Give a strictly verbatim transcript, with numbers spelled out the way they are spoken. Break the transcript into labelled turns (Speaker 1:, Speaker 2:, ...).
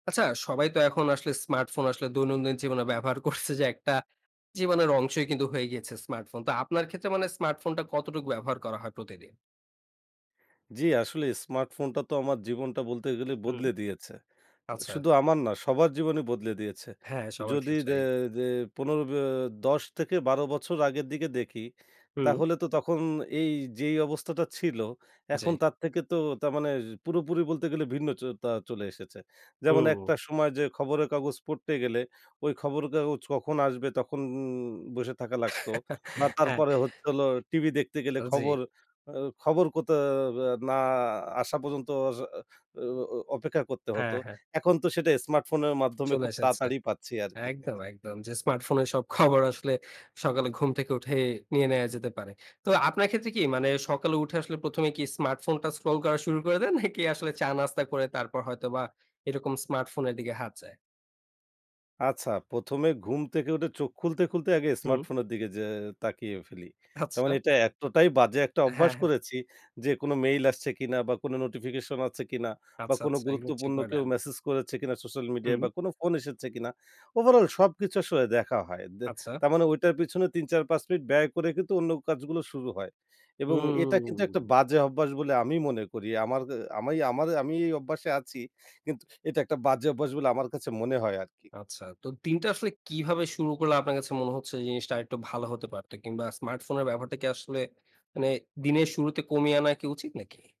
Speaker 1: আচ্ছা, সবাই তো এখন আসলে স্মার্টফোন আসলে দৈনন্দিন জীবনে ব্যবহার করছে যে, একটা জীবনের অংশই কিন্তু হয়ে গিয়েছে স্মার্টফোন। তো আপনার ক্ষেত্রে মানে স্মার্টফোনটা কতটুক ব্যবহার করা হয় প্রতিদিন?
Speaker 2: জ্বি, আসলেই স্মার্টফোনটা তো আমার জীবনটা বলতে গেলে
Speaker 1: হুম।
Speaker 2: বদলে দিয়েছে।
Speaker 1: আচ্ছা।
Speaker 2: শুধু আমার না, সবার জীবনই বদলে দিয়েছে।
Speaker 1: হ্যাঁ, সবার
Speaker 2: যদি যে
Speaker 1: ক্ষেত্রেই।
Speaker 2: যে পনেরো ব্য দশ থেকে বারো বছর আগের দিকে দেখি।
Speaker 1: হুম।
Speaker 2: তাহলে তো তখন এই যেই অবস্থাটা ছিল, এখন
Speaker 1: জি।
Speaker 2: তার থেকে তো তার মানে পুরোপুরি বলতে গেলে ভিন্ন চ তা চলে এসেছে। যেমন
Speaker 1: হুম।
Speaker 2: একটা সময় যে খবরের কাগজ পড়তে গেলে, ওই খবরের কাগজ কখন আসবে? তখন বসে থাকা লাগতো। বা
Speaker 1: হ্যাঁ।
Speaker 2: তারপরে হচ্ছে হলো টিভি দেখতে গেলে
Speaker 1: আ জি।
Speaker 2: খবর, আ খবর কতে ভ্য না আসা পর্যন্ত অস অ অপেক্ষা করতে হত।
Speaker 1: হ্যাঁ, হ্যাঁ।
Speaker 2: এখন তো সেটা স্মার্টফোনের মাধ্যমে
Speaker 1: চলে
Speaker 2: খুব
Speaker 1: এসেছে।
Speaker 2: তাড়াতাড়ি পাচ্ছি আরকি।
Speaker 1: একদম, একদম। যে স্মার্টফোনের সব খবর আসলে সকালে ঘুম থেকে উঠে নিয়ে নেওয়া যেতে পারে। তো আপনার ক্ষেত্রে কি মানে, সকালে উঠে আসলে প্রথম এ কি স্মার্টফোনটা স্ক্রল করা শুরু করে দেন, নাকি আসলে চা-নাস্তা করে তারপর হয়তোবা এরকম স্মার্টফোনের দিকে হাত যায়?
Speaker 2: আচ্ছা, প্রথম এ ঘুম থেকে উঠে চোখ খুলতে, খুলতে আগে
Speaker 1: হুম।
Speaker 2: স্মার্টফোনের দিকে যে তাকিয়ে ফেলি। তার
Speaker 1: আচ্ছা।
Speaker 2: মানে এটা এতটাই বাজে একটা অভ্যাস
Speaker 1: হ্যাঁ, হ্যাঁ।
Speaker 2: করেছি যে, কোনো মেইল আসছে কিনা বা কোনো নোটিফিকেশন আছে কিনা বা
Speaker 1: আচ্ছা,
Speaker 2: কোনো
Speaker 1: আচ্ছা এগুলো চেক
Speaker 2: গুরুত্বপূর্ণ
Speaker 1: করে
Speaker 2: কেউ
Speaker 1: নেন।
Speaker 2: মেসেজ করেছে কিনা সোশ্যাল মিডিয়ায়
Speaker 1: হুম।
Speaker 2: বা কোনো ফোন এসেছে কিনা? ওভারঅল সবকিছু আসলে দেখা হয়। দে
Speaker 1: আচ্ছা।
Speaker 2: তার মানে ঐটার পিছনে তিন-চার-পাঁচ মিনিট ব্যয় করে কিন্তু অন্য কাজগুলো শুরু হয়। এবং এটা কিন্তু একটা
Speaker 1: হুম।
Speaker 2: বাজে অভ্যাস বলে আমি মনে করি, আমার অ্যা আমি আমার আমি এই অভ্যাসে আছি। কিন্তু এটা একটা বাজে অভ্যাস বলে আমার কাছে মনে হয় আরকি।
Speaker 1: আচ্ছা। তো দিনটা আসলে কীভাবে শুরু করলে, আপনার কাছে মনে হচ্ছে জিনিসটা আরেকটু ভালো হতে পারতো কিংবা স্মার্টফোনের ব্যবহারটা কি আসলে মানে, দিনের শুরুতে কমিয়ে আনা কি উচিত নাকি?